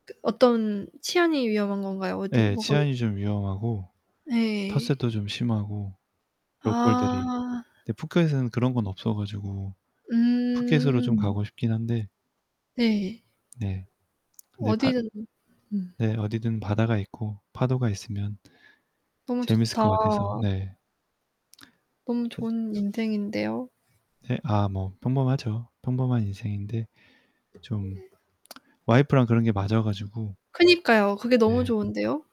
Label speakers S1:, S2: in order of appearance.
S1: 그 어떤 치안이 위험한 건가요? 어디
S2: 예,
S1: 뭐가
S2: 치안이 좀 위험하고
S1: 네.
S2: 텃세도 좀 심하고 로컬들이.
S1: 아.
S2: 근데 푸켓은 그런 건 없어 가지고 푸켓으로 좀
S1: 음.
S2: 가고 싶긴 한데
S1: 네.
S2: 네. 근데 발
S1: 어디든. 음.
S2: 네. 어디든 바다가 있고 파도가 있으면
S1: 너무
S2: 재밌을 것
S1: 좋다.
S2: 같아서. 네.
S1: 너무
S2: 엇
S1: 좋은 인생인데요.
S2: 네 아 뭐 평범하죠. 평범한 인생인데 좀 와이프랑 그런 게 맞아 가지고
S1: 그니까요. 그게 너무
S2: 네.
S1: 좋은데요.